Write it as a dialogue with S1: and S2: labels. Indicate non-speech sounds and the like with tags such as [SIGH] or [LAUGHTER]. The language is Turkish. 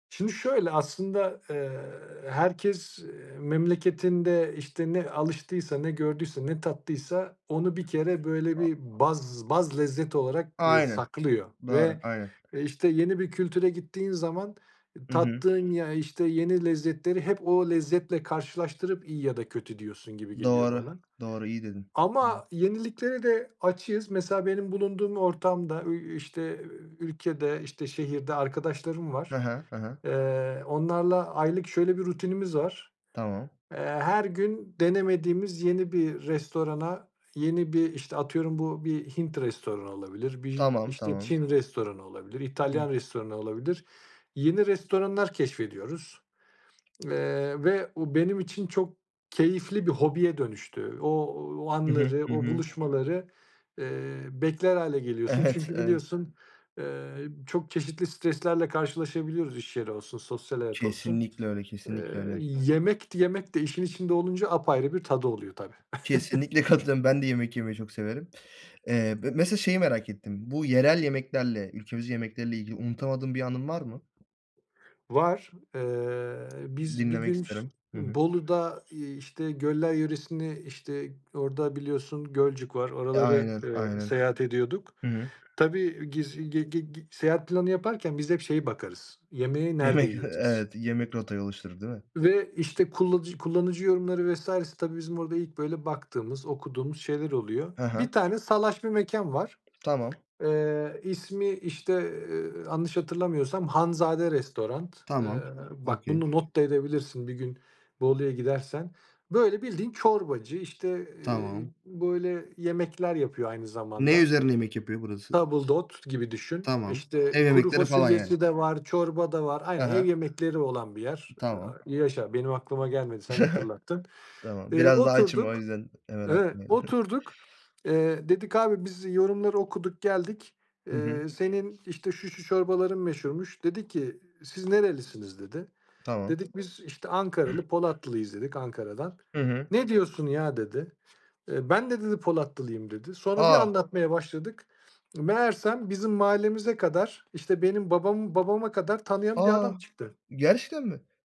S1: Şimdi şöyle aslında, eee, herkes, eee, memleketinde, işte, ne alıştıysa, ne gördüyse, ne tattıysa onu bir kere, böyle, bir baz baz lezzet olarak, eee,
S2: Aynen,
S1: saklıyor.
S2: doğru.
S1: Ve,
S2: Aynen.
S1: e, işte, yeni bir kültüre gittiğin zaman
S2: Hı hı.
S1: tattığın ya, işte, yeni lezzetleri hep o lezzetle karşılaştırıp iyi ya da kötü diyorsun gibi geliyor
S2: Doğru,
S1: bana
S2: doğru. İyi dedin.
S1: ama yeniliklere de açığız. Mesela, benim bulunduğum ortamda, eee, işte, iii, ülkede, işte, şehirde arkadaşlarım
S2: Hı
S1: var.
S2: hı. Hı hı.
S1: Eee, onlarla aylık şöyle bir rutinimiz var,
S2: Tamam.
S1: eee, her gün denemediğimiz yeni bir restorana, yeni bir, işte, atıyorum bu bir Hint restoranı olabilir, bir,
S2: Tamam,
S1: işte,
S2: tamam.
S1: Çin restoranı olabilir, İtalyan
S2: [UNINTELLIGIBLE]
S1: restoranı olabilir; yeni restoranlar keşfediyoruz. Eee, ve o benim için çok keyifli bir hobiye dönüştü. Ooo, o
S2: Hı hı.
S1: anları,
S2: Hı
S1: o
S2: hı.
S1: buluşmaları, eee, bekler hâle geliyorsun.
S2: Evet,
S1: Çünkü
S2: evet.
S1: biliyorsun, eee, çok çeşitli streslerle karşılaşabiliyoruz, iş yeri olsun, sosyal hayat olsun.
S2: Kesinlikle öyle, kesinlikle
S1: Eee,
S2: öyle.
S1: yemek yemek de işin içinde olunca apayrı bir tadı oluyor tabii.
S2: Kesinlikle
S1: [GIGGLES]
S2: katılıyorum. Ben de yemek yemeyi çok severim. Eee, be mesela şeyi merak ettim. Bu yerel yemeklerle, ülkemiz yemekleri ile ilgili unutamadığım bir anın var mı?
S1: Var. Eee, biz bir
S2: Dinlemek
S1: gün ş
S2: isterim. Hı hı.
S1: Bolu'da, iii, işte, Göller Yöresi'ni, işte, orada biliyorsun Gölcük var,
S2: E,
S1: oraları,
S2: aynen,
S1: ııı,
S2: aynen.
S1: seyahat ediyorduk.
S2: Hı hı.
S1: Tabii giz gi gi gi seyahat planı yaparken biz hep şeyi bakarız, yemeği nerede
S2: Yemek, eee,
S1: yiyeceğiz?
S2: evet yemek rotayı oluşturdu, değil mi?
S1: Ve, işte, kullanıc kullanıcı yorumları vs.'si. Tabii bizim orada ilk, böyle, baktığımız, okuduğumuz şeyler oluyor.
S2: Hı hı.
S1: Bir tane salaş bir mekân var.
S2: Tamam.
S1: Eee, ismi, işte, eee, yanlış hatırlamıyorsam Hanzade restoran. Eee,
S2: Tamam.
S1: bak
S2: Okay.
S1: bunu not da edebilirsin. Bir gün Bolu'ya gidersen, böyle, bildiğin çorbacı, işte, eee,
S2: Tamam.
S1: böyle, yemekler yapıyor aynı
S2: Ne
S1: zamanda.
S2: üzerine yemek yapıyor burası?
S1: Tabildot gibi düşün.
S2: Tamam.
S1: İşte,
S2: Ev
S1: kuru
S2: yemekleri falan, yani?
S1: fasulyesi de var, çorba da var.
S2: Hı
S1: Aynen, ev
S2: hı.
S1: yemekleri olan bir yer.
S2: Tamam.
S1: Yaşa, benim aklıma gelmedi, sen
S2: [CHUCKLES]
S1: hatırlattın.
S2: Tamam.
S1: Eee,
S2: Biraz da açım o
S1: oturduk,
S2: yüzden hemen
S1: evet,
S2: aklıma.
S1: oturduk,
S2: [UNINTELLIGIBLE]
S1: eee, dedik: "Abi, biz yorumları okuduk geldik.
S2: Hı hı.
S1: Eee, senin, işte, şu, şu çorbaların meşhurmuş." Dedi ki: "Siz nerelisiniz?" dedi.
S2: Tamam.
S1: Dedik: "Biz, işte, Ankaralı, Polatlıyız," dedik, "Ankara'dan."
S2: Hı hı.
S1: "Ne diyorsun ya!" dedi. Eee, "Ben de" dedi, "Polatlı'yım" dedi. Sonra bir
S2: A!
S1: anlatmaya başladık. Meğersem bizim mahallemize kadar, işte, benim babamı babama kadar tanıyan bir
S2: A!
S1: adam çıktı.
S2: Gerçekten mi?